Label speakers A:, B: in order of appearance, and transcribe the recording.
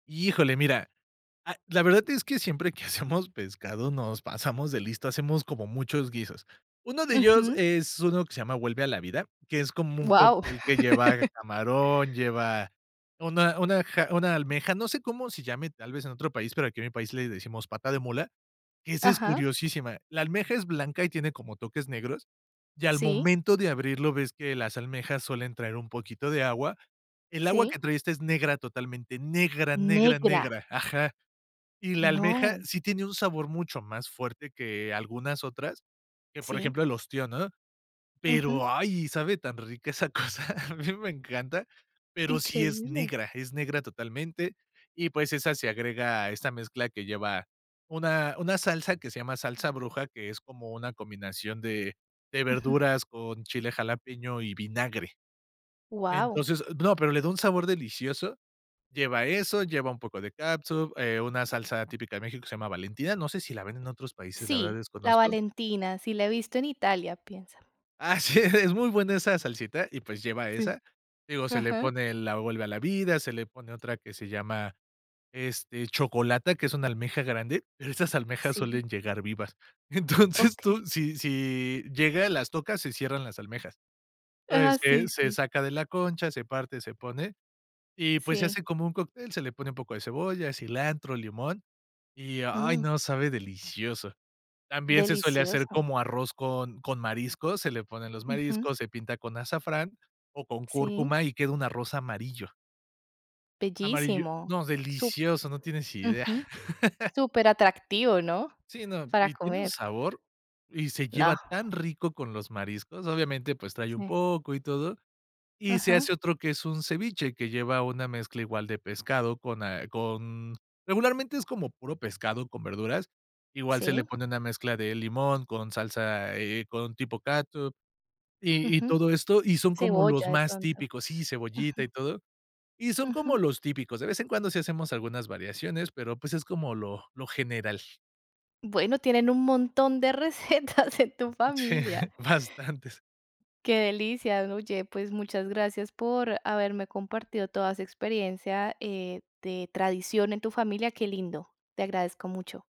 A: Híjole, mira, ah, la verdad es que siempre que hacemos pescado, nos pasamos de listos, hacemos como muchos guisos. Uno de ellos,
B: Ujú.
A: es uno que se llama Vuelve a la vida, que es como un
B: Guau.
A: cóctel, que lleva camarón, lleva una una ja una almeja, no sé cómo se llame, tal vez, en otro país, pero aquí, en mi país, le decimos Pata de mula, que esa es
B: Ajá.
A: curiosísima. La almeja es blanca, y tiene como toques negros, y al
B: Sí.
A: momento de abrirlo, ves que las almejas, suelen traer un poquito de agua. El agua que
B: Sí.
A: trae esta, es negra, totalmente negra, negra,
B: Negra.
A: negra. Ajá. Y la almeja,
B: No.
A: sí tiene un sabor mucho más fuerte, que algunas otras, que por
B: Sí.
A: ejemplo, el ostión, ¿no?
B: Ujú.
A: Pero, ay, sabe tan rica, esa cosa. A mí me encanta. Pero sí, es
B: Increíble.
A: negra, es negra totalmente. Y pues, esa se agrega a esta mezcla, que lleva una una salsa, que se llama Salsa bruja, que es, como una combinación de de
B: Ujú.
A: verduras, con chile jalapeño y vinagre.
B: Guau.
A: Entonces No, pero le da un sabor delicioso. Lleva eso, lleva un poco de cátsup, eh, una salsa típica de México, que se llama Valentina. No sé, si la venden en otros países, la verdad,
B: Sí, La
A: desconozco.
B: Valentina. Sí la he visto en Italia, pienso.
A: Así, es. Es muy buena esa salsita, y pues, lleva
B: Sí.
A: esa. Digo, se le
B: Ajá.
A: pone la Vuelve a la vida. Se le pone otra, que se llama, este, Chocolata, que es una almeja grande, pero esas almejas,
B: Sí.
A: suelen llegar vivas. Entonces,
B: Okey.
A: tú, si si llega, las tocas, se cierran las almejas. Entonces,
B: Ah,
A: se
B: sí,
A: se
B: sí.
A: saca de la concha, se parte, se pone, y pues, se
B: Sí.
A: hace como un cóctel. Se le pone un poco de cebolla, cilantro, limón. Y, ay,
B: Mm.
A: no, sabe delicioso. También, se suele hacer,
B: Delicioso.
A: como arroz con con mariscos. Se le ponen los
B: Ujú.
A: mariscos, se pinta con azafrán, o con
B: Sí.
A: cúrcuma, y queda un arroz amarillo. Amarillo.
B: Bellísimo.
A: No,
B: Sup
A: delicioso. No tienes idea.
B: Ujú. Súper atractivo, ¿no?
A: Sí, no.
B: Para
A: Y tiene un
B: comer.
A: sabor, y se lleva
B: No.
A: tan rico con los mariscos. Obviamente, pues trae un
B: Sí.
A: poco, y todo. Y se hace
B: Ajá.
A: otro, que es un ceviche, que lleva una mezcla, igual de pescado, con a con Regularmente, es como puro pescado con verduras. Igual, se le
B: Sí.
A: pone una mezcla de limón con salsa, eh, con tipo cátsup, y y
B: Ujú.
A: todo esto. Y son, como los
B: Cebolla, de
A: más
B: pronto.
A: típicos. Sí, cebollita,
B: Ujú.
A: y todo. Y son, como
B: Ujú.
A: los típicos. De vez en cuando, sí hacemos algunas variaciones, pero pues, es como lo lo general.
B: Bueno, tienen un montón de recetas en tu
A: Sí,
B: familia.
A: bastantes.
B: Qué delicia. Oye, pues muchas gracias, por haberme compartido toda esa experiencia, eh, de tradición en tu familia. Qué lindo. Te agradezco mucho.